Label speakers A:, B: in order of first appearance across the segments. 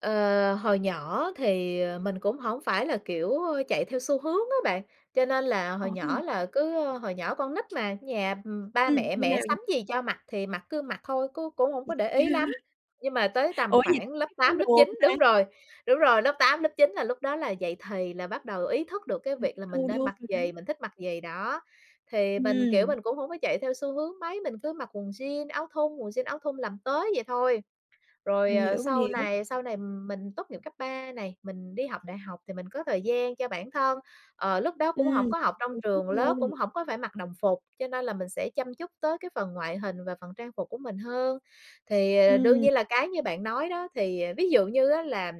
A: Ờ, hồi nhỏ thì, ờ, mình cũng hổng phải là, kiểu, ơ, chạy theo xu hướng á bạn, cho nên là hồi nhỏ
B: [unintelligible]
A: là cứ, ơ, hồi nhỏ con nít mà, nhà, ừm, ba
B: Ừm,
A: mẹ,
B: như
A: mẹ
B: nào v
A: sắm gì cho mặc thì mặc cứ mặc thôi, cứ cũng hổng có để
B: [unintelligible]
A: ý lắm. Nhưng mà tới
B: Ủa,
A: tầm
B: vậy đó
A: khoảng
B: có
A: lớp
B: biết phối
A: 8, lớp
B: đồ không
A: 9,
B: ta?
A: đúng rồi, đúng rồi, lớp 8, lớp 9 là lúc đó là dậy thì là bắt đầu ý thức được cái việc
B: [unintelligible]
A: là mình
B: tương
A: nên
B: đương
A: mặc gì,
B: [unintelligible]
A: mình thích mặc gì đó, thì mình, kiểu,
B: Ừm.
A: mình cũng hổng có chạy theo xu hướng mấy, mình cứ mặc quần jean, áo thun, quần jean, áo thun làm tới vậy thôi. Rồi,
B: Mình
A: ờ,
B: hiểu, mình
A: sau
B: hiểu.
A: này sau này, ừm, mình tốt nghiệp cấp 3 này, mình đi học đại học thì mình có thời gian cho bản thân, ờ, lúc đó cũng hổng
B: Ừm,
A: có học trong trường lớp, cũng
B: [unintelligible]
A: hổng có phải mặc đồng phục, cho nên là mình sẽ chăm chút tới cái phần ngoại hình và phần trang phục của mình hơn. Thì, ờ, đương
B: Ừm.
A: nhiên là cái như bạn nói đó, thì, ờ, ví dụ như á là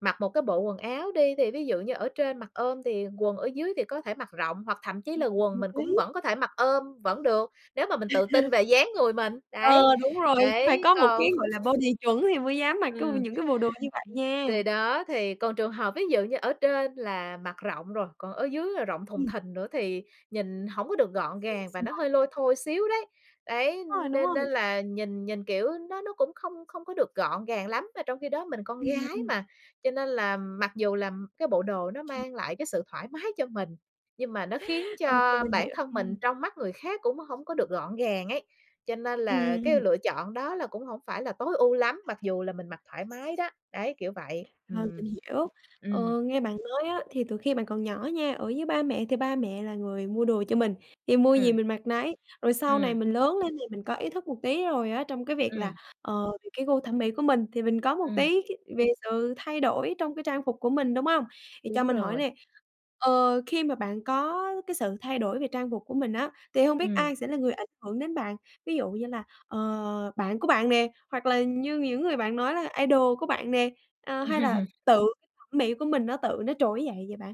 A: mặc một cái bộ quần áo đi thì ví dụ như ở trên mặc ôm thì quần ở dưới thì có thể mặc rộng hoặc thậm chí
B: Mặc
A: là
B: rộng
A: quần
B: một
A: mình
B: tí.
A: cũng vẫn có thể mặc ôm vẫn được, nếu mà mình tự tin về dáng người mình, đấy,
B: Ờ, đúng rồi, phải
A: đấy,
B: có một
A: còn
B: cái, gọi là, body chuẩn thì mới dám mặc cái [unintelligible]
A: Ừm.
B: những cái bộ đồ như vậy nha.
A: Kỳ đó thì còn trường hợp ví dụ như ở trên là mặc rộng rồi, còn ở dứ là rộng thùng
B: Ừm.
A: thình nữa thì nhìn hổng có được gọn
B: Xuề
A: gàng và nó
B: xoà
A: hơi
B: vậy đó.
A: lôi thôi xíu đấy, đấy,
B: Rồi, đúng
A: nên
B: rồi.
A: nên là nhìn nhìn, kiểu, nó nó cũng không không có được gọn gàng lắm, mà trong khi đó mình con
B: Ừm, à,
A: gái
B: ừm.
A: mà. Cho nên là mặc dù là cái bộ đồ nó
B: [unintelligible]
A: mang lại cái sự thoải mái cho mình, nhưng mà nó khiến
B: Ô kê,
A: cho
B: mình
A: bản
B: hiểu
A: thân
B: nha.
A: mình trong mắt người khác cũng hổng có được gọn gàng ấy, cho nên
B: Ừm,
A: là cái
B: ừm.
A: lựa chọn đó là cũng hổng phải là tối ưu lắm, mặc dù là mình mặc thoải mái đó, đấy, kiểu vậy,
B: Ờ,
A: ừm.
B: mình hiểu,
A: Ừm.
B: ờ, nghe bạn nói á thì từ khi bạn còn nhỏ nha, ở với ba mẹ thì ba mẹ là người mua đồ cho mình, thì mua gì
A: Ừm.
B: mình mặc nấy, rồi sau này
A: Ừm.
B: mình lớn lên thì mình có ý thức một tí rồi á trong cái việc là,
A: Ừm.
B: ờ, thì cái gu thẩm mỹ của mình thì mình có một
A: Ừm.
B: tí cái về sự thay đổi trong cái trang phục của mình, đúng hông? Thì cho
A: Đúng
B: mình hỏi
A: rồi.
B: nè, ờ, khi mà bạn có cái sự thay đổi về trang phục của mình á, thì hông biết
A: Ừm.
B: ai sẽ là người ảnh hưởng đến bạn? Ví dụ như là, ờ, bạn của bạn nè, hoặc là như những người bạn nói là idol của bạn nè, ờ, hay là
A: Ừm.
B: tự cái thẩm mỹ của mình nó tự nó trỗi dậy vậy bạn?